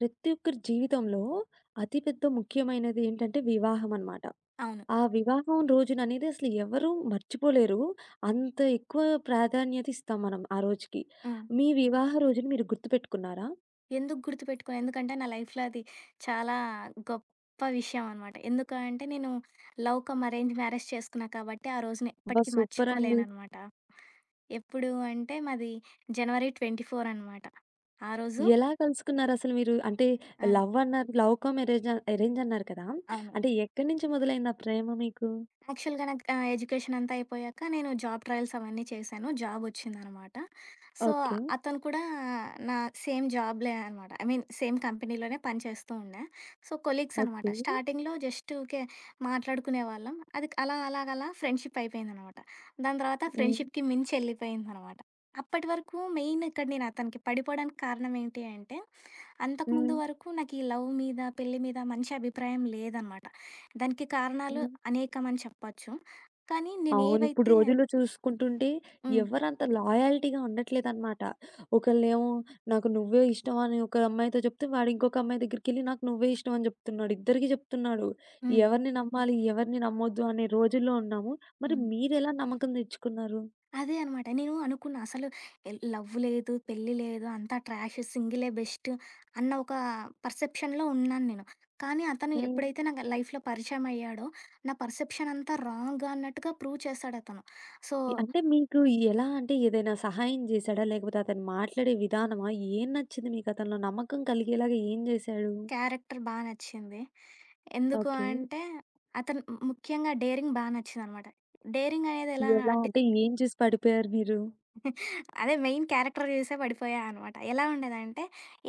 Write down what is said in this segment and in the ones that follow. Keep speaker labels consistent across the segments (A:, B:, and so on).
A: ప్రతి ఒక్కరి జీవితంలో అతి పెద్ద ముఖ్యమైనది ఏంటంటే వివాహం అన్నమాట.
B: అవును.
A: ఆ వివాహం రోజుననేది అసలెవ్వరూ మర్చిపోలేరు. అంత ఎక్కువ ప్రాధాన్యత ఇస్తాం మనం ఆ రోజుకి.
B: హ్మ్.
A: మీ వివాహ రోజుని మీరు గుర్తుపెట్టుకున్నారా?
B: ఎందుకు గుర్తుపెట్టుకోను. ఎందుకంటే నా లైఫ్‌లో అది చాలా గొప్ప విషయం అన్నమాట. ఎందుకు అంటే నేను లవ్ కమ్ అరేంజ్ మ్యారేజ్ చేసుకున్నా కాబట్టి ఆ రోజుని
A: అబ్బా!
B: ఎప్పటికీ
A: సూపరండి.
B: మర్చిపోలేనన్నమాట. ఎప్పుడు అంటే మాది జనవరి 24 అనమాట. ఆ రోజు
A: ఎలా కలుసుకున్నారసలు మీరు? అంటే
B: ఆ!
A: లవ్వన్నారు లవ్ కమ్ ఎరేంజ్ ఎరేంజన్నారు కదా!
B: అవును.
A: అంటే ఎక్కడి నుంచి మొదలైంది ఆ ప్రేమ మీకు?
B: యాక్చువల్‌గా నాకు ఆహ్, ఎడ్యుకేషనంతా అయిపోయాక నేను జాబ్ ట్రయల్స్ అవన్నీ చేశాను. జాబొచ్చిందన్నమాట. So,
A: okay.
B: అతను కూడా నా సేమ్ జాబులే అన్నమాట. ఐ మీన్ సేమ్ కంపెనీలోనే పని చేస్తూ ఉండే. సో, కొలీగ్స్ అన్నమాట.
A: ఓకే.
B: స్టార్టింగ్‌లో జస్టు ఊకే మాట్లాడుకునే వాళ్ళం. అది అలాగలా అలా ఫ్రెండ్షిపయిపోయిందనమాట. దాని తర్వాత
A: హ్మ్.
B: ఫ్రెండ్‌షిప్‌కి మించెళ్ళిపోయిందనమాట. అప్పటి వరకు మెయినిక్కడ నేను అతనికి పడిపోడానికి కారణం ఏంటి అంటే అంతకుముందు
A: హ్మ్.
B: వరకు నాకీ లవ్ మీద పెళ్లి మీద మంచి అభిప్రాయం లేదనమాట. దానికి కారణాలు
A: హ్మ్.
B: అనేకం అని చెప్పొచ్చు. కానీ
A: అవును. ఇప్పుడు
B: నేనేవైతే
A: రోజుల్లో చూసుకుంటుంటే
B: హ్మ్.
A: ఎవరు అంత లాయల్టీగా ఉండట్లేదన్నమాట. ఒకళ్ళేమో నాకు నువ్వే ఇష్టం అని ఒక అమ్మాయితో చెప్తే, వాడింకొక అమ్మాయి దగ్గరికెళ్ళి నాకు నువ్వే ఇష్టం అని చెప్తున్నాడు. ఇద్దరికి చెప్తున్నాడు.
B: హ్మ్.
A: ఎవరిని నమ్మాలి ఎవరిని నమ్మొద్దు అనే రోజుల్లో ఉన్నాము. మరి
B: హ్మ్.
A: మీరెలా నమ్మకం తెచ్చుకున్నారు?
B: అదే అన్నమాట. నేను అనుకున్నా అసలు ఎ లవ్వు లేదు. పెళ్లి లేదు. అంతా ట్రాషు. సింగిలే బెస్టు అన్న ఒక పర్సెప్షన్‌లో ఉన్నాను నేను. కానీ అతను
A: హ్మ్.
B: ఎప్పుడైతే నాకు లైఫ్‌లో పరిచయం అయ్యాడో నా పర్సెప్షన్ అంతా రాంగన్నట్టుగా ప్రూవ్ చేసాడతను. సో
A: ఇ అంటే మీకు ఎలా అంటే ఏదైనా సహాయం జేసాడా? లేకపోతే అతను మాట్లాడే విధానమా ఏం నచ్చింది మీకు అతనిలో నమ్మకం కలిగేలాగా ఏం జేసాడు?
B: క్యారెక్టర్ బా నచ్చింది. ఎందుకు
A: ఓకే.
B: అంటే అతను ము ముఖ్యంగా డేరింగ్ బా నచ్చిందనమాట. డేరింగనేది ఎలా
A: ఎలా?
B: డే
A: అంటే ఏం చూసి పడిపోయారు మీరు?
B: అదే మెయిన్ క్యారెక్టర్ చూసే పడిపోయా అనమాట. ఎలా ఉండేదంటే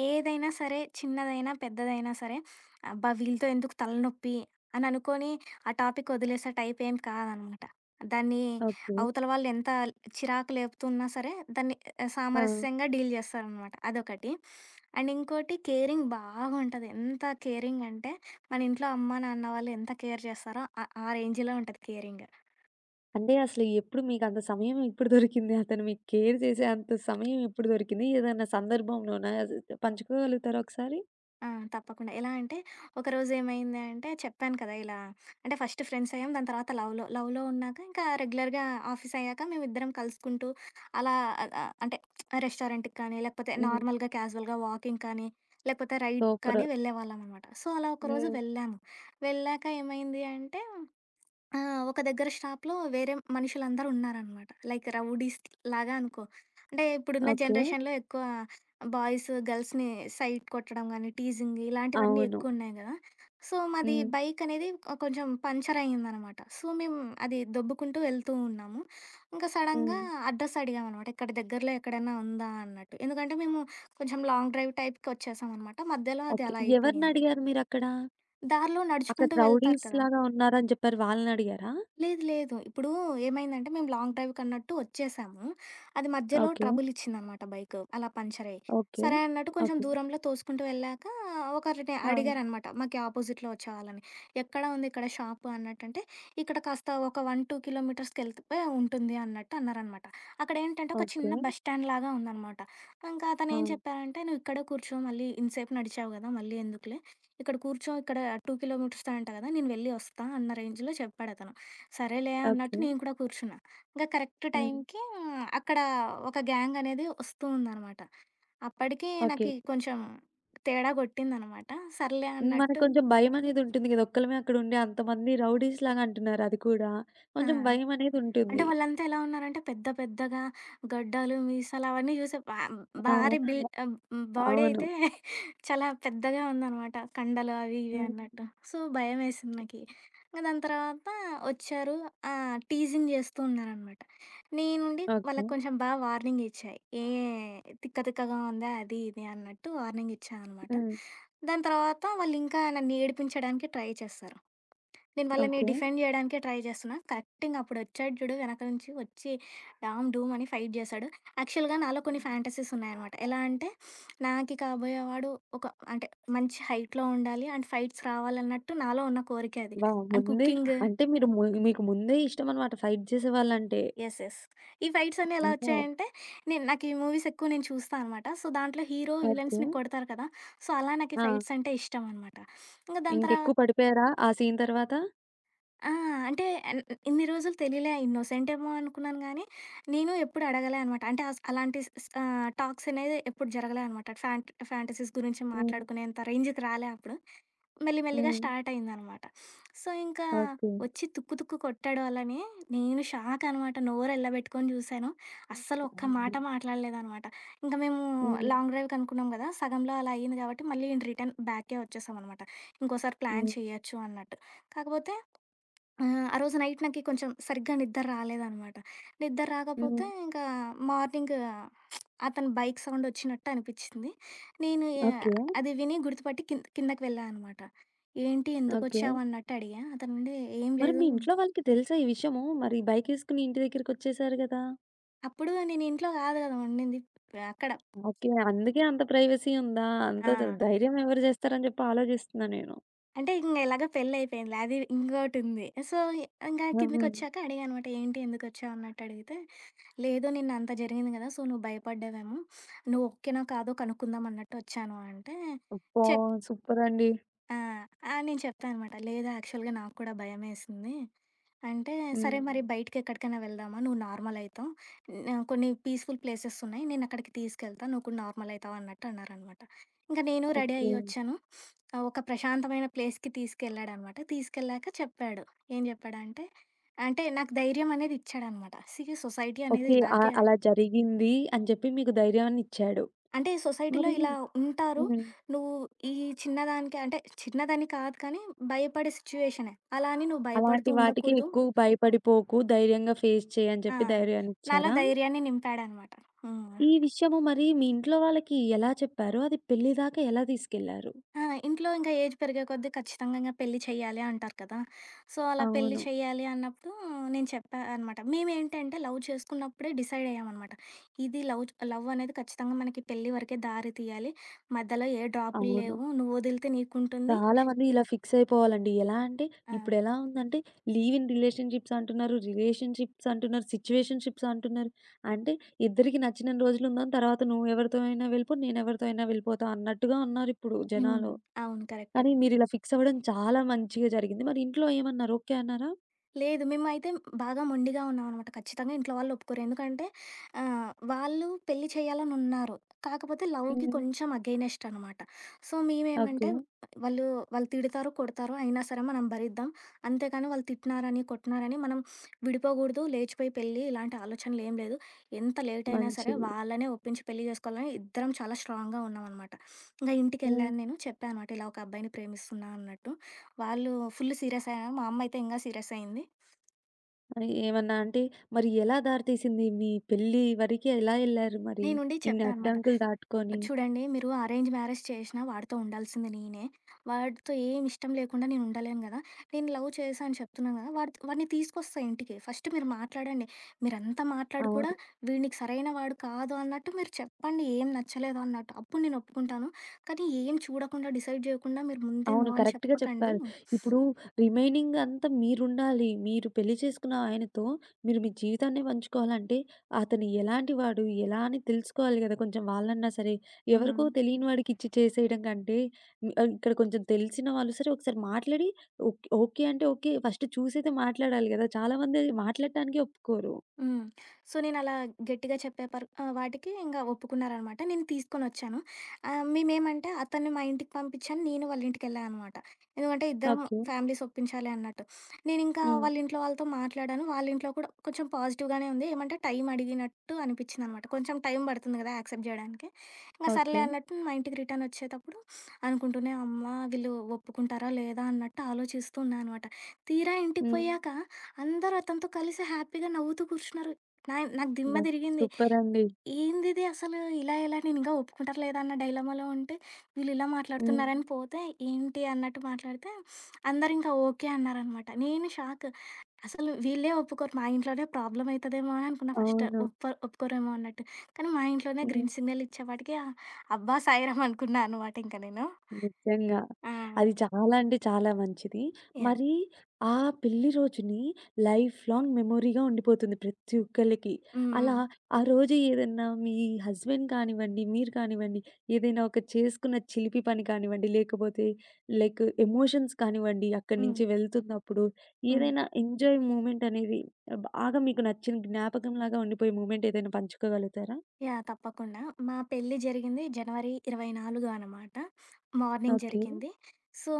B: ఏదైనా సరే చిన్నదైనా పెద్దదైనా సరే అబ్బా! వీళ్ళతో ఎందుకు తలనొప్పి అని అనుకోని ఆ‌ టాపిక్ వదిలేసే టైపేం కాదనమాట. దాన్ని
A: ఓకే.
B: అవతల వాళ్ళు ఎంత చిరాకు లేపుతున్నా సరే దాన్ని ఆహ్,
A: ఆ!
B: సామరస్యంగా డీల్ జేస్తారనమట. అదొకటి. అండ్ ఇంకోటి కేరింగ్ బాగుంటది. ఎంత కేరింగంటే మన ఇంట్లో అమ్మ నాన్న వాళ్ళు ఎంత కేర్ చేస్తారో ఆహ్, ఆ రేంజులో ఉంటది కేరింగు.
A: అంటే అసలు ఎప్పుడు మీకు అంత సమయం ఎప్పుడు దొరికింది? అతను మీకు కేర్ చేసేంత సమయం ఎప్పుడు దొరికింది? ఏదైనా సందర్భంలోన అసలు పంచుకోగలుగుతారా ఒకసారి?
B: ఆ! తప్పకుండా. ఎలా అంటే, ఒకరోజు ఏమైంది అంటే చెప్పాను కదా! ఇలా అంటే ఫస్ట్ ఫ్రెండ్స్ అయ్యాం. దాని తర్వాత లవ్‌లో. లవ్‌లో ఉన్నాక ఇంకా రెగ్యులర్‌గా ఆఫీస్ అయ్యాక మేమిద్దరం కలుసుకుంటూ అలా ఆహ్, అంటే రెస్టారెంట్‌కి కానీ, లేకపోతే
A: హ్మ్.
B: నార్మల్‌గా, క్యాజువల్‌గా వాకింగ్ కానీ, లేకపోతే రైడ్
A: సూపరు.
B: కానీ వెళ్ళేవాళ్ళం అనమాట. సో, అలా ఒకరోజు
A: హ్మ్.
B: వెళ్ళాము. వెళ్ళాక ఏమైంది అంటే ఆహ్, ఒక దగ్గర షాప్‌లో వేరే మనుషులందరూ ఉన్నారనమాట. లైక్ రౌడీస్ లాగా అనుకో. అంటే ఇప్పుడున్న
A: ఓకే.
B: జనరేషన్‌లో ఎక్కువ బాయ్స్, గర్ల్స్‌ని సైట్ కొట్టడం కానీ, టీజింగ్ ఇలాంటివన్నీ
A: అవును.
B: ఎక్కువ ఉన్నాయి కదా! సో, మాది
A: హ్మ్.
B: బైకనేది కొంచెం పంచరయ్యిందనమాట. సో, మేము అది దొబ్బుకుంటూ వెళ్తూ ఉన్నాము. ఇంకా సడన్‌గా
A: హ్మ్.
B: అడ్రస్ అడిగాం అనమాట. ఇక్కడ దగ్గరలో ఎక్కడైనా ఉందా? అన్నట్టు. ఎందుకంటే మేము కొంచెం లాంగ్ డ్రైవ్ టైప్‌కి వచ్చేసాం అనమాట. మధ్యలో అది
A: ఓకే.
B: అలా అయిపోయింది.
A: ఎవరినడిగారు మీరక్కడ?
B: దారిలో
A: అక్కడ
B: నడుచుకుంటూ వెళ్తారు
A: రౌడీస్
B: కదా!
A: లాగా ఉన్నారని చెప్పారు. వాళ్ళని అడిగారా?
B: లేదు లేదు. ఇప్పుడు ఏమైందంటే, మేము లాంగ్ డ్రైవ్‌కన్నట్టు వచ్చేసాము. అది మధ్యలో
A: ఓకే.
B: ట్రబులిచ్చిందనమాట బైకు. అలా పంచరయ్యి,
A: ఓకే.
B: సరే అన్నట్టు కొంచెం
A: ఓకే.
B: దూరంలో తోసుకుంటూ వెళ్ళాక ఒకరిని
A: ఆ!
B: అడిగారనమాట. మాకీ ఆపోజిట్‌లో వచ్చేవాళ్లని, "ఎక్కడ ఉంది ఇక్కడ షాపు?" అన్నట్టంటే, "ఇక్కడ కాస్త ఒక 1, 2 కిలోమీటర్స్‌కెళ్తే ఉంటుంది" అన్నట్టన్నారనమాట. అక్కడ ఏంటంటే ఒక
A: ఓకే.
B: చిన్న బస్ స్టాండ్ లాగా ఉందనమాట. ఇంకా అతను ఏం
A: అవును.
B: చెప్పారంటే, "నువ్వు ఇక్కడ కూర్చో. మళ్ళీ ఇంతసేపు నడిచావు కదా! మళ్ళీ ఎందుకులే? ఇక్కడ కూర్చో. ఇక్కడ 2 కిలోమీటర్స్ అంట కదా! నేను వెళ్ళి వస్తా" అన్న రేంజ్‌లో చెప్పాడతను. సరేలే అన్నట్టు
A: ఓకే.
B: నేను కూడా కూర్చున్నా. ఇంకా కరెక్ట్
A: హ్మ్.
B: టైంకి అక్కడ ఒక గ్యాంగ్ అనేది వస్తూ ఉందనమాట. అప్పటికి నాకు
A: ఓకే.
B: కొంచెం తేడా కొట్టిందనమాట. సర్లే
A: మనకు
B: అన్నట్టు
A: కొంచెం భయం అనేది ఉంటుంది కదా! ఒక్కళ్ళమే అక్కడ ఉండి, అంతమంది రౌడీస్ లాగా ఉంటారు. అది కూడా
B: ఆ!
A: కొంచెం భయమనేది
B: అంటే
A: ఉంటుంది.
B: వాళ్ళంతా ఎలా ఉన్నారంటే పెద్ద పెద్దగా గడ్డాలు, మీసాలవన్నీ చూసి భా భారీ
A: అవును,
B: బిల్డ్ ఆహ్, బాడీ
A: అవును.
B: అయితే చాలా పెద్దగా ఉందనమాట. కండలు అవి ఇవి
A: హ్మ్.
B: అన్నట్టు. సో, భయమేసింది నాకీ. ఇంక దాని తర్వాత వచ్చారు. ఆ! టీజింగ్ చేస్తూ ఉన్నారనమాట. నేను నుండి
A: ఓకే.
B: వాళ్ళకి కొంచెం బా వార్నింగ్ ఇచ్చా. ఏయ్! తిక్క తిక్కగా ఉందా? అది ఇది అన్నట్టు వార్నింగ్ ఇచ్చానమాట.
A: హ్మ్.
B: దాని తర్వాత వాళ్ళు ఇంకా నన్ను ఏడిపించడానికి ట్రై చేస్తారు. నేను వాళ్ళని
A: ఓకే.
B: డిఫెండ్ చేయడానికే ట్రై చేస్తున్నా. కరెక్టింగ్‌గా అప్పుడు వచ్చాడు చూడు. వెనక నుంచి వచ్చి డామ్, డూమ్ అని ఫైట్ చేశాడు. యాక్చువల్‌గా నాలో కొన్ని ఫాంటసీస్ ఉన్నాయన్నమాట. ఎలా అంటే నాకి కాబోయేవాడు ఒక అంటే మంచి హైట్‌లో ఉండాలి. అండ్ ఫైట్స్ రావాలన్నట్టు నాలో ఉన్న కోరికే అది.
A: వావ్!
B: అండ్
A: ముందే
B: కుక్కింగు
A: అంటే మీరు ము మీకు ముందే ఇష్టం అన్నమాట ఫైట్ చేసేవాళ్ళంటే.
B: Yes yes. ఈ ఫైట్స్ అన్ని ఎలా
A: ఓహో!
B: వచ్చాయంటే నేను నాకు ఈ మూవీస్ ఎక్కువ చూస్తా అన్నమాట. సో, దాంట్లో హీరో
A: ఓకే.
B: విలన్స్‌ని కొడతారు కదా! సో, అలా నాకీ
A: ఆ!
B: ఫైట్స్ అంటే ఇష్టం అన్నమాట. ఇంక దాని తర్వా
A: ఇంకెక్కువ పడిపోయారా? ఆ సీన్ తరువాత?
B: ఆ! అంటే, ఎన్ న్ ఇన్ని రోజులు తెలియలే. ఇన్నోసెంటేమో అనుకున్నాను గానీ, నేను ఎప్పుడు అడగలే అనమాట. అంటే, అస్ అలాంటి స్ స్ ఆహ్, టాక్సనేది ఎప్పుడు జరగలే అనమాట. ఫ్యాంట్ ఫ్యాంటసీస్ గురించి
A: హ్మ్.
B: మాట్లాడుకునేంత రేంజుకి రాలే అప్పుడు. మెల్లి, మెల్లిగా
A: హ్మ్.
B: స్టార్టయిందనమాట. సో, ఇంకా
A: ఓకే.
B: ఒచ్చి తుక్కు, తుక్కు కొట్టాడు వాళ్ళనీ, నేను షాకనమాట, నోరెళ్ళబెట్టుకోని చూశాను. అస్సలు ఒక్క మాట మాట్లాడలేదనమాట. ఇంక మేమూ
A: హ్మ్.
B: లాంగ్ డ్రైవ్‌కనుకున్నాం గదా! సగంలో అలా అయింది గాబట్టి, మళ్ళీ ఇన్ రిటర్న్ బ్యాక్కే ఒచ్చేశామనమాట. ఇంకోసారి ప్లాన్
A: హ్మ్.
B: చెయ్యచ్చు అన్నట్టు. కాకపోతే, ఆహ్, ఆ రోజు నైట్ నాకి కొంచెం సరిగ్గా నిద్దర్రాలేదనమాట.
A: హ్మ్.
B: నిద్దర్రాకపోతే, ఇంకా మార్నింగు అతని బైక్ సౌండొచ్చినట్టు అనిపిచ్చింది. నేను యా
A: ఓకే.
B: అది విని గుర్తుపట్టి కింద్ కిందకి వెళ్ళా అనమాట. ఏంటి,
A: ఓకే.
B: ఎందుకొచ్చావన్నట్టు అడిగా. అతనుండీ, "ఏం
A: మరి
B: లేదు"
A: మీ ఇంట్లో వాళ్ళకి తెలుసా ఈ విషయము? మరి బైకేసుకొని ఇంటి దగ్గరకొచ్చేశారు గదా!
B: అప్పుడూ నేనింట్లో గాదు గదా ఉండింది. ఆహ్, అక్కడా
A: ఓకే. అందుకే అంత ప్రైవసీ ఉందా? అంత త
B: ఆ!
A: ధైర్యమెవరు జేస్తారని జెప్పి ఆలోజిస్తన్నా నేను.
B: అంటే, ఇంగ ఎలాగో పెళ్లయిపోయిందిలే. అది ఇంగోటుంది. సో, ఇంగా
A: అవును.
B: కిందకొచ్చాక అడిగా అనమాట, ఏంటి, ఎందుకొచ్చావన్నట్టు అడిగితే, "లేదు, నిన్నంత జరిగింది గదా! సో, నువ్వు భయపడ్డావేమో, నువ్వు ఓకేనో, కాదో కనుక్కుందామన్నట్టు ఒచ్చాను" అంటే,
A: అబ్బా!
B: చెప్
A: సూపరండి.
B: ఆ! ఆ! నేను చెప్పా అనమాట. లేదు, యాక్చువల్‌గా నాకు కూడా భయమేసింది అంటే, "సరే
A: హ్మ్.
B: మరి బయటికెక్కడికన్నా వెళ్దామా నువ్వు నార్మలయితావు, హ్మ్, కొన్ని పీస్‌ఫుల్ ప్లేసెస్సున్నాయి, నేనక్కడికి తీసుకెళ్తా, నువ్వు కూడా నార్మలయివుతావు" అన్నట్టన్నారనమాట. ఇంక నేను రెడీ
A: ఓకే.
B: అయ్యి ఒచ్చాను. ఆహ్, ఒక ప్రశాంతమైన ప్లేస్‌కి తీసుకెళ్ళాడనమాట. తీసుకెళ్ళాక చెప్పాడు, ఏం జెప్పాడంటే, అంటే నాకు ధైర్యమనేదిచ్చాడనమాట. సీ, సొసైటీ అనేది
A: ఓకే. అ
B: ఇలాగే
A: అలా జరిగింది అని జెప్పి మీకు ధైర్యాన్నిచ్చాడు.
B: అంటే, సొసైటీలో
A: మరీ
B: ఇలా ఉంటారు.
A: హ్మ్.
B: నువ్వు ఈ చిన్నదానికే అంటే, చిన్నదని కాదు, కానీ భయపడే సిచ్యువేషనే, అలా అని నువ్వు భయపడుతూ
A: అలాంటి వాటికి
B: ఉండకూడదు.
A: ఎక్కువ భయపడిపోకు, ధైర్యంగా ఫేస్ చెయ్యని
B: ఆ!
A: చెప్పి
B: నాలో
A: ధైర్యాన్నిచ్చారా?
B: ధైర్యాన్ని నింపాడనమాట. హ్మ్.
A: ఈ విషయము మరీ మీ ఇంట్లో వాళ్ళకి ఎలా చెప్పారు? అది పెళ్లిదాకా ఎలా తీసికెళ్లారు?
B: ఆ! ఇంట్లో ఇంక ఏజ్ పెరిగే కొద్దీ ఖచ్చితంగింకా పెళ్లి చెయ్యాలి అంటారు కదా! సో, అలా పెళ్లి
A: అవును.
B: చెయ్యాలి అన్నప్పుడూ, నేను చెప్పా అనమాట మేవేంటంటే, లవ్ చేసుకున్నప్పుడే డిసైడయ్యామనమాట. ఇది లవు చ్ లవ్వనేది ఖచ్చితంగా మనకి పెళ్లి వరకే, దారి తియ్యాలి, మధ్యలో ఏ
A: అవును.
B: డ్రాపుల్లేవు, నువ్వొదిలితే నీకుంటుంది
A: చాలా మంది ఇలా ఫిక్సయిపోవాలండి. ఎలా అంటే,
B: ఆ!
A: ఇప్పుడెలా ఉందంటే, లీవ్ ఇన్ రిలేషన్‌షిప్సంటున్నారు, రిలేషన్‌షిప్సటున్నారు, సిచ్యువేషన్‌షిప్సంటున్నారు. అంటే, ఇద్దరికి నచ్చినన్ని రోజులుందాం. తర్వాత నువ్వెవరితో అయినా వెళ్ళిపో, నేనెవరితో అయినా వెళ్ళిపోతా అన్నట్టుగా ఉన్నారిప్పుడు
B: హ్మ్.
A: జనాలు,
B: అవును. కరక్ట్.
A: కానీ మీరిలా ఫిక్సవ్వడం చాలా మంచిగా జరిగింది. మరింట్లో ఏమన్నారు, ఓకే అన్నారా?
B: లేదు మేమైతే బాగా మొండిగా ఉన్నామనమాట ఖచ్చితంగా ఇంట్లో వాళ్ళు ఒప్పుకోరు ఎందుకంటే, ఆహ్ వాళ్ళు పెళ్లి చేయాలని ఉన్నారు కాకపోతే లవ్‌కి
A: హ్మ్.
B: కొంచెం అగైనెస్ట్ అనమాట. సో, మేమేమంటే
A: ఓకె.
B: వాళ్ళు వాళ్ళు తిడతారు, కొడతారు అయినా సరే మనం భరిద్దాం అంతే కానీ వాళ్ళు తిట్టినారని, కొట్టినారని మనం విడిపోకూడదు లేచిపోయి పెళ్లి ఇలాంటి ఆలోచనలు ఏం లేదు ఎంత లేట్ అయినా సరే
A: మంచిది.
B: వాళ్ళని ఒప్పించి పెళ్లి చేసుకోవాలని ఇద్దరం చాలా స్ట్రాంగ్‌గా ఉన్నామనమాట. ఇంగ
A: హ్మ్.
B: ఇంటికెళ్ళాను నేను చెప్పాను అనమాట ఇలా ఒక అబ్బాయిని ప్రేమిస్తున్నా అన్నట్టు, వాళ్ళు ఫుల్లు సీరియసయ్యారు. మా అమ్మ అయితే ఇంగా సీరియసయ్యింది.
A: మరి ఏమన్నా అంటే, మరి ఎలా దారితీసింది మీ పెళ్ళి వరకి ఎలా ఎళ్లారు మరి
B: నేనుండి
A: ఇన్ని
B: చెప్పా అనమాట.
A: అడ్డంకులు దాటుకొని?
B: చూడండి మీరు అరేంజ్ మ్యారేజ్ చేశినా వాడితో ఉండాల్సింది నేనే, వాడితో ఏం ఇష్టం లేకుండా నేను ఉండలేను గదా! నేను లవ్ చేశా అని చెప్తున్నాను కదా! వాడ్ వాడిని తీసుకొస్తా ఇంటికి ఫస్ట్ మీరు మాట్లాడండి. మీరంత మాట్లాడి కూడా,
A: అవును.
B: వీడు నీకు సరైన వాడు కాదు అన్నట్టు మీరు చెప్పండి ఏం నచ్చలేదు అన్నట్టు, అప్పుడు నేను ఒప్పుకుంటాను. కానీ ఏం చూడకుండా, డిసైడ్ చేయకుండా మీరు ముందే నో
A: అవును
B: అని
A: కరెక్ట్‌గా
B: చెప్పకండి
A: చెప్పారు. ఇప్పుడు రిమైనింగ్ అంతా మీరుండాలి. మీరు పెళ్లి చేసుకున్న ఆయనతో మీరు మీ జీవితాన్నే పంచుకోవాలంటే అతను ఎలాంటి వాడు, ఎలా అని తెలుసుకోవాలి కదా! కొంచెం వాళ్ళన్నా సరే. ఎవరికో
B: హ్మ్.
A: తెలియని వాడికిచ్చి చేసేయడం కంటే, ఆహ్, ఇక్కడ కొంచెం తెలిసిన వాళ్ళు సరే ఒకసారి మాట్లాడి ఒక్ ఓకె అంటే ఓకె ఫస్ట్ చూసైతే మాట్లాడాలి గదా చాలామంది మాట్లాడటానికే ఒప్పుకోరు.
B: హ్మ్. సో నేను అలా గట్టిగా చెప్పే పర్ వాటికి ఇంక ఒప్పుకున్నారనమాట నేను తీసుకొనొచ్చాను. ఆహ్, మేమేంమంటే అతన్ని మా ఇంటికి పంపించాను, నేను వాళ్ళింటికి వెళ్ళా అనమాట. ఎందుకంటే ఇద్దరం
A: ఓకె.
B: ఫ్యామిలీస్ ఒప్పించాలి అన్నట్టు. నేనింకా
A: హ్మ్.
B: వాళ్ళ ఇంట్లో వాళ్ళతో మాట్లాడాను, వాళ్ళ ఇంట్లో కూడా కొంచెం పాజిటివ్‌గానే ఉంది. ఏమంటే టైం అడిగినట్టు అనిపించింది అనమాట. కొంచెం టైం పడుతుంది కదా! యాక్సెప్ట్ చేయడానికి, ఇంగ సర్లే
A: ఓకె.
B: అన్నట్టు మా ఇంటికి రిటర్న్ వచ్చేటప్పుడు. అనుకుంటూనే, అమ్మ వీళ్ళు ఒప్పుకుంటారా, లేదా? అన్నట్టు ఆలోచిస్తున్నాను అనమాట. తీరా ఇంటికి
A: హ్మ్.
B: పోయాక అందరూ అతనితో కలిసి హ్యాపీగా నవ్వుతూ కూర్చున్నారు. నాయి నాకు దిమ్మ
A: అబ్బ!
B: తిరిగింది,
A: సూపర్ అండి.
B: ఏందిది అసలు ఇలా ఎలా నేను ఒప్పుకుంటారా లేదా అన్న డైలమాలో ఉంటే, వీళ్ళు ఇలా
A: హ్మ్.
B: మాట్లాడుతున్నారని పోతే. ఏంటి అన్నట్టు మాట్లాడితే, అందరూ ఇంకా ఓకె అన్నారనమాట. నేను షాకు. అసలు వీళ్ళే ఒప్పుకోరు, మా ఇంట్లోనే ప్రాబ్లమయితదేమో అననుకున్నా ఫస్టు.
A: అవును.
B: ఒప్పర్ ఒప్పుకోరేమో అన్నట్టు కానీ మా ఇంట్లోనే
A: హ్మ్.
B: గ్రీన్ సిగ్నల్ ఇచ్చేపటికి ఆహ్, అబ్బా సాయిరాం అనుకున్నా అనమాట ఇంక నేను.
A: నిజంగా.
B: ఆ!
A: అది చాలా అంటే, చాలా మంచిది.
B: యాహ్!
A: మరి ఆ పెళ్లి రోజుని లైఫ్‌లైంగ్ మెమరీగా ఉండిపోతుంది ప్రతి ఒక్కళ్ళకి,
B: హ్మ్.
A: అలా
B: హ్మ్.
A: ఆ రోజు ఏదన్నా మీ హస్బెండ్ కానివ్వండి, మీరు కానివ్వండి ఏదైనా ఒక చేసుకున్న చిలిపి పని కానివ్వండి లేకపోతే లైక్ ఎమోషన్స్ కానివ్వండి అక్కడి
B: హ్మ్.
A: నుంచి వెళ్తున్నప్పుడు
B: హ్మ్.
A: ఏదైనా ఎంజాయ్ మూమెంటనేది బాగా మీకు నచ్చిన జ్ఞాపకం లాగా ఉండిపోయే మూమెంటేదైనా పంచుకోగలుగుతారా?
B: యాహ్! తప్పకుండా, మా పెళ్లి జరిగింది జనవరి 24 అనమాట. Morning
A: okay.
B: జరిగింది. సో,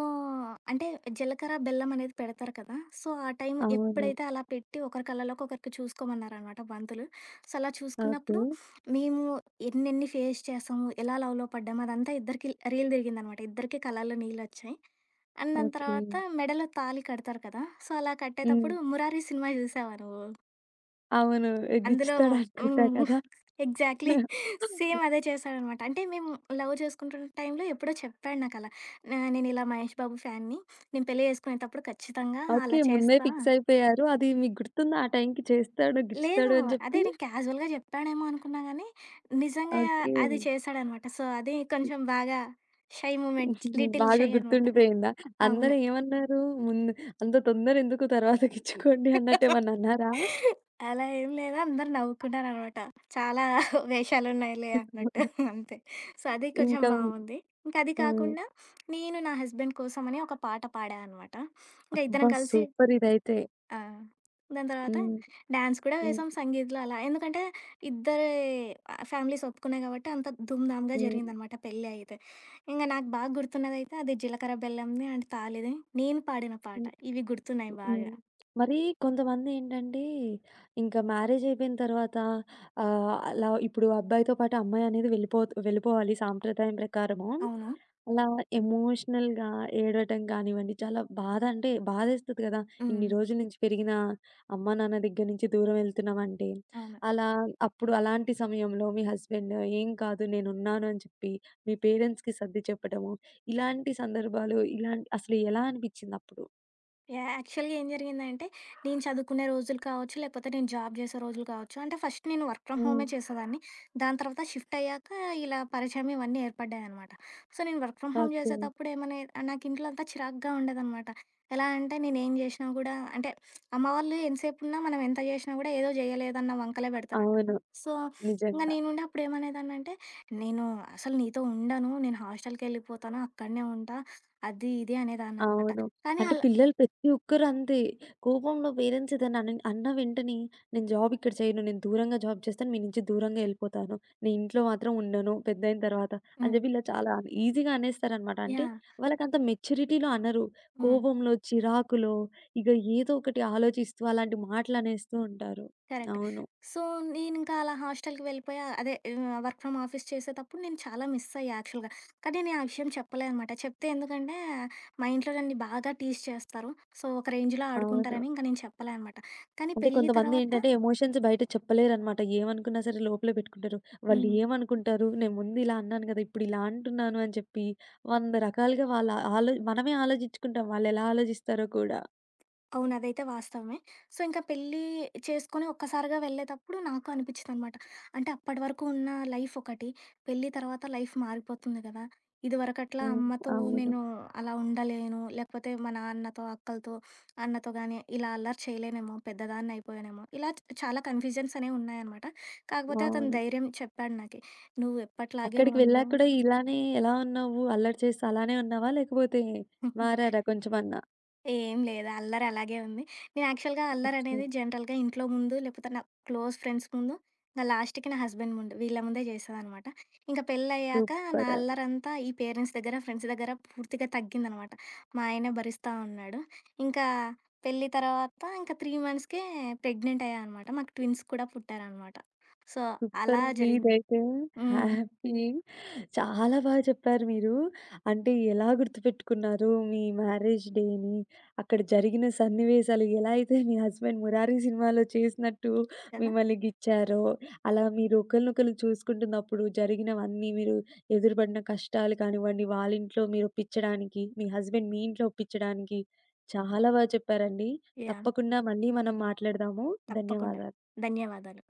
B: అంటే, జీలకర్ర బెల్లం అనేది పెడతారు కదా! సో, ఆ టైం
A: అవును.
B: ఎప్పుడైతే అలా పెట్టి ఒకరి కళ్ళలోకి ఒకరికి చూసుకోమన్నారనమాట పంతులు. సో, అలా
A: ఓకె.
B: చూసుకున్నప్పుడు, మేము ఎన్నెన్ని ఫేస్ చేసాం, ఎలా లవ్‌లో పడ్డాం అదంతా ఇద్దరికి ల్ రీల్ తిరిగిందనమాట. ఇద్దరికీ కలలో నీళ్ళోచ్చాయి. అండ్ దాని
A: ఓకె.
B: తర్వాత మెడలో తాళి కడతారు కదా! సో, అలా
A: హ్మ్.
B: కట్టేటప్పుడు 'మురారి' సినిమా చూశావా నువ్వు?
A: అవును. ఎ
B: అందులో
A: గిచ్చుతాడనుకుంటా
B: హ్మ్.
A: కదా!
B: ఎగ్జాక్ట్‌లి.
A: అవును.
B: సేమ్ అదే చేశాడనమాట. అంటే మేము లవ్ చేసుకుంటున్న టైంలో ఎప్పుడో చెప్పాడు నాకలా. ఆహ్, నేనిలా మహేష్ బాబు ఫ్యాన్‌ని. నేను పెళ్లి చేసుకునేతప్పుడు ఖచ్చితంగా అలా
A: ఓకే. ముందే
B: చేస్తా
A: ఫిక్సయిపోయారు. అది మీకు గుర్తుందా ఆ టైంకి చేస్తాడు
B: లేదు.
A: గిచ్చుతాడు అని జెప్పి?
B: అదే నేను క్యాజువల్‌గా చెప్పాడేమో అనుకున్నా గానీ, నిజంగా
A: ఓకే.
B: అది చేసాడన్నమాట. సో అది
A: హ్మ్.
B: కొంచెం బాగా షై మూమెంట్ లిటిల్
A: బాగా
B: షై అన్నమాట.
A: గుర్తుండిపోయిందా? అందరు
B: అవును.
A: ఏమన్నారు? ముందు అంత తొందరెందుకు తర్వాత గిచ్చుకోండి అన్నట్టెమన్నన్నారా?
B: అలా ఏమి లేదు. అందరూ నవ్వుకున్నారన్నమాట. చాలా వేషాలున్నయిలే అన్నట్టు అంతే. సో, అది కొంచెం
A: ఇంకా
B: బావుంది. ఇంకా అది
A: హ్మ్.
B: కాకుండా నేను నా హస్బెండ్ కోసమని ఒక పాట పాడా అన్నమాట. ఇంక
A: అబ్బా!
B: ఇద్దరం కలిసి
A: సూపర్ ఇదైతే.
B: ఆ! దాని తర్వాత
A: హ్మ్.
B: డ్యాన్స్ కూడా
A: హ్మ్.
B: వేసాం సంగీత్‌లో అలా. ఎందుకంటే, ఇద్దరి ఆహ్, ఫ్యామిలీస్ ఒప్పుకున్నాయి గాబట్టి అంత ధూంధాంగా
A: హ్మ్.
B: జరిగిందనమాట పెళ్లయితే. ఇంగ నాకు బాగా గుర్తున్నదైతే అది జీలకర్ర బెల్లంది అండ్ తాళిది. నేను పాడిన పాట.
A: హ్మ్.
B: ఇవి గుర్తున్నాయి
A: హ్మ్.
B: బాగా.
A: హ్మ్. మరి కొంతమందేంటంటే, ఇంకా మ్యారేజయిపోయిన తర్వాత ఆహ్, అలా ఇప్పుడు అబ్బాయితో పాటు అమ్మాయి అనేది వెళ్ళిపోతూ వెళ్ళిపోవాలి సాంప్రదాయం ప్రకారము.
B: అవునా!
A: అలా ఎమోషనల్‌గా ఏడవటం గానివ్వండి, చాలా బాధ అంటే బాధేస్తుంది కదా! ఇన్ని
B: హ్మ్.
A: రోజుల నుంచి పెరిగిన అమ్మా నాన్న దగ్గర నుంచి దూరం ఎళ్తున్నామంటే.
B: అవును.
A: అలా అప్పుడు అలాంటి సమయంలో మీ హస్బెండు ఏం కాదు నేనున్నాను అని చెప్పి మీ పేరెంట్స్‌కి సర్ది చెప్పడము, ఇలాంటి సందర్భాలు ఇలాంటి అసలు ఎలా అనిపించిందప్పుడు?
B: యాక్చువల్‌గా ఏం జరిగిందంటే, నేను చదువుకునే రోజులు కావచ్చు, లేకపోతే నేను జాబ్ జేసే రోజులు కావచ్చు. అంటే ఫస్ట్ నేను వర్క్ ఫ్రమ్
A: హ్మ్.
B: హోమే చేసేదాన్ని. దాని తర్వాత షిఫ్టయ్యాక, ఇలా పరిచయం ఇవన్నీ ఏర్పడ్డాయనమాట. సో, నేను వర్క్ ఫ్రమ్ హోమ్
A: ఓకే.
B: జేసేతప్పుడు ఏమన్నా నాకు ఇంట్లో అంతా చిరాగ్గా ఉండేదనమాట. ఎలా అంటే నేను ఏం జేసినా గూడా, అంటే అమ్మవాళ్లు ఎంతసేపున్నా మనం ఎంత జేసినా గూడా ఏదో జేయలేదన్న వంకలే పెడతారు కదా!
A: అవును.
B: సో, ఇంగ
A: నిజంగా.
B: నేనుండి అప్పుడు ఏమనేదాన్నాంటే, నేను అసలు నీతో ఉండను, నేను హాస్టలకెళ్ళిపోతాను. అక్కడనే ఉంటా అది, ఇది అనేదాననమాట.
A: అవును.
B: కానీ
A: అంటే
B: అల
A: పిల్లలు ప్రతి ఒక్కరంతే. కోపంలో పేరెంట్స్ ఏదైనా అనిన్ అన్న వెంటనే నేను జాబిక్కడ చేయను. నేను దూరంగా జాబ్ జేస్తాను. మీ నుంచి దూరంగా యెళ్ళిపోతాను. నేనింట్లో మాత్రం ఉండను, పెద్దయిన తర్వాత అని
B: హ్మ్.
A: జెప్పి ఇలా చాలా ఈజీగా అనేస్తారన్నమాట. అంటే
B: యాహ్!
A: వాళ్ళకంత మెచ్యూరిటీలో అనరు.
B: హ్మ్.
A: కోపంలో, చిరాకులో ఇగ ఏదోకటి ఆలోచిస్తూ, అలాంటి మాటలునేస్తూ ఉంటారు.
B: కరెక్టే.
A: అవును.
B: సో, నేనింకా అలా హాస్టలకి వెళ్ళిపోయా, అదే ఆహ్, వర్క్ ఫ్రమ్ ఆఫీస్ చేసేతప్పుడు నేను చాలా మిసయ్యా యాక్చువల్‌గా. కానీ, నేనా విషయం చెప్పలేదనమాట. చెప్తే ఎందుకంటే మా ఇంట్లో నన్ని బాగా టీజ్ చేస్తారు. సో, ఒక రేంజ్‌లో
A: అవును.
B: ఆడుకుంటారని నేను చెప్పలే అన్నమాట. కానీ
A: అంటే
B: పెళ్లి తరవాత
A: కొంతమందేంటంటే, ఎమోషన్స్ బయట చెప్పలేరన్నమాట. ఏమనుకున్నా సరే లోపలేపెట్టుకుంటారు. వాళ్ళు
B: హ్మ్.
A: ఏమనుకుంటారు, నేను ముందు ఇలా అన్నాను గదా! ఇప్పుడిలా అంటున్నాను అని చెప్పి వంద రకాలుగా వాళ్ళ ఆలో మనమే ఆలోచించుకుంటాం వాళ్ళు ఎలా ఆలోచిస్తారో కూడా.
B: అవును అదైతే వాస్తవమే. సో, ఇంకా పెళ్లి చేసుకొని ఒక్కసారిగా వెళ్ళేతప్పుడు నాకు అనిపించిందనమాట. అంటే అప్పటివరకు ఉన్న లైఫొకటి, పెళ్లి తర్వాత లైఫ్ మారిపోతుంది గదా! ఇదివరకట్లా
A: హ్మ్.
B: అమ్మతో
A: అవును.
B: నేను అలా ఉండలేను. లేకపోతే మా నాన్నతో, అక్కలతో, అన్నతో గాని ఇలా అల్లరి చేయలేనేమో. పెద్దదాన్ని అయిపోయానేమో. ఇలా చ్ చాలా కన్‌ఫ్యూజన్సనేవి ఉన్నాయనమాట. కాకపోతే అతను
A: అవును.
B: ధైర్యం చెప్పాడు నాకి "నువ్వు ఎప్పటిలాగే
A: అక్కడికి
B: ఉండు"
A: వెళ్ళాక కూడా ఇలానే ఎలా ఉన్నావు? అల్లరి చేస్తూ అలానే ఉన్నావా, లేకపోతే మారారా కొంచెమన్నా?
B: ఏం లేదు. అల్లరి అలాగే ఉంది. నేను యాక్చువల్‌గా
A: అచ్ఛా!
B: అల్లరనేది జనరల్‌గా ఇంట్లో ముందు, లేకపోతే నా క్లోజ్ ఫ్రెండ్స్ ముందు, నా లాస్ట్‌కి నా హస్బెండ్ ముందు వీళ్ళ ముందే చేసేదనమాట. ఇంక పెళ్లయ్యాక, నా
A: సూపరు.
B: అల్లరంతా ఈ పేరెంట్స్ దగ్గర, ఫ్రెండ్స్ దగ్గర పూర్తిగా తగ్గిందనమాట. మా ఆయనే భరిస్టా ఉన్నాడు. ఇంకా పెళ్లి తర్వాత, ఇంక 3 మంత్స్‌కే ప్రెగ్నెంటయ్య అనమాట. మాకు ట్విన్స్ కూడా పుట్టారనమాట. సో, అలా
A: సూపరండి
B: జరిగింది.
A: ఇదైతే.
B: హ్మ్.
A: హ్యాపీ. చాలా బాగా చెప్పారు మీరు. అంటే ఎలా గుర్తుపెట్టుకున్నారు, మీ మ్యారేజ్ డేని, అక్కడ జరిగిన సన్నివేశాలు, ఎలా అయితే మీ హస్బెండ్ 'మురారి' సినిమాలో చేసినట్టు
B: కదా!
A: మిమ్మల్ని గిచ్చారో, అలా మీరు ఒకళ్ళినొకళ్ళు చూసుకుంటున్నప్పుడు, జరిగినవన్నీ మీరు ఎదురుపడిన కష్టాలు కానివ్వండి, వాళ్ళ ఇంట్లో మీరు ఒప్పించడానికి, మీ హస్బెండ్ మీ ఇంట్లో ఒప్పించడానికి, చాలా బా చెప్పారండి.
B: యాహ్!
A: తప్పకుండా మళ్ళీ మనం మాట్లాడదాము
B: తప్పకుండ.
A: ధన్యవాదాలు.
B: ధన్యవాదాలు.